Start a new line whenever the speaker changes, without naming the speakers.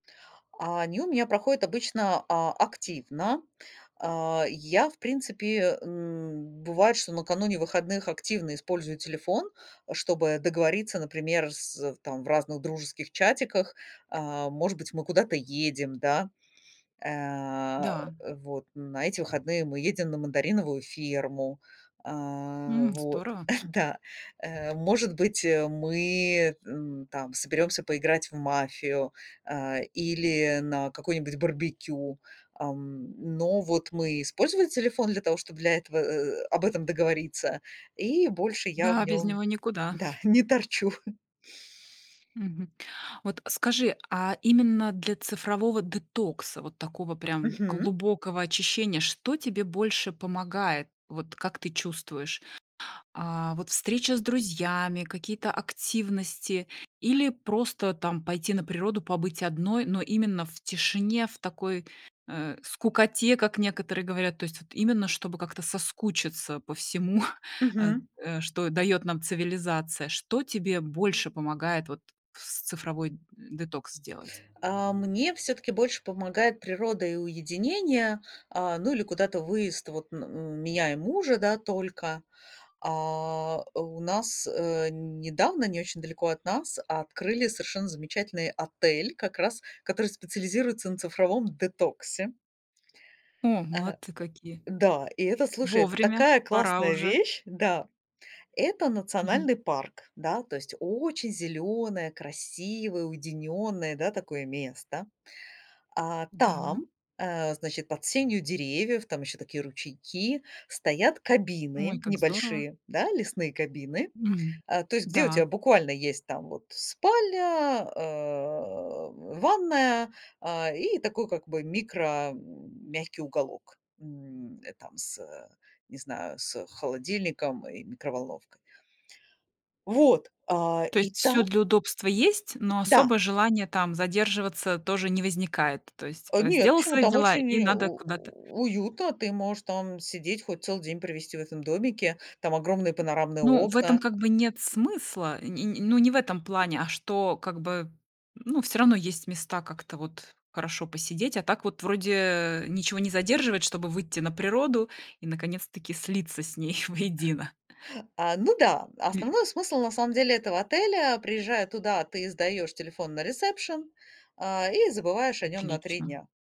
А они у меня проходят обычно а активно. А я, в принципе, м, бывает, что накануне выходных активно использую телефон, а, чтобы договориться, например, с, э, в там в разных дружеских чатиках. А, может быть, мы куда-то едем, да? А,
Да.
э, вот на эти выходные мы едем на мандариновую ферму. А,
М,
вот.
здорово.
Да. Э, может быть, э, мы, м, там соберемся поиграть в мафию, а, или на какой-нибудь барбекю, ам, но вот мы использовали телефон для того, чтоб для этого, э, э, э, об этом договориться, и больше я в
Да, без
нём,
него никуда.
да, не торчу.
Мгм. Вот скажи, а именно для цифрового детокса, вот такого прям
Мгм.
глубокого очищения, что тебе больше помогает? Вот как ты чувствуешь? А, вот встреча с друзьями, какие-то активности, или просто там пойти на природу, побыть одной, но именно в тишине, в такой, э, скукоте, как некоторые говорят, то есть вот именно чтобы как-то соскучиться по всему, а,
Мгм.
э, что дает нам цивилизация. Что тебе больше помогает вот в с цифровой детокс сделать?
А мне всё-таки больше помогает природа и уединение, а, ну, или куда-то выезд вот на н меня и мужа, да, только. А у нас, э, недавно, не очень далеко от нас открыли совершенно замечательный отель, как раз который специализируется на цифровом детоксе.
О,
Э.
молодцы какие.
Да, и это, слушай, это
Вовремя,
такая
пора
классная
уже.
вещь. Да, это
Мгм.
национальный парк. Да, то есть очень зелёное красивое уединённое, да, такое место. А,
Да.
там, э, значит, под сенью деревьев, там еще такие ручейки, стоят
Ой,
кабины
как здорово.
небольшие, да, лесные кабины,
Мгм.
а, то есть где у тя
Да.
буквально есть там вот спальня, э, ванная, а, и такой как бы микро, м, мягкий уголок, м, э, там с, э, не знаю, с холодильником и микроволновкой. Вот, а,
То
и
есть всё
там
для удобства есть, но
Да.
особо желания там задерживаться тоже не возникает? То есть,
Э,
а,
нет,
сделал
почему?
свои
Там
дела
очень,
и
э,
надо
у
куда-то
уютно, ты можешь там сидеть хоть целый день, провести в этом домике, там огромные панорамные
Ну, в этом
окна.
как бы нет смысла, э, не не ну, не в этом плане, а что, как бы, ну, всё равно есть места, как-то вот хорошо посидеть, а так вот вроде ничего не задерживать, чтобы выйти на природу и наконец-таки слиться с ней воедино.
А, ну да,
Ли
основной смысл, на самом деле, этого отеля: приезжая туда, ты сдаешь телефон на ресепшен, а, и забываешь о нём на 3
Отлично.
дня.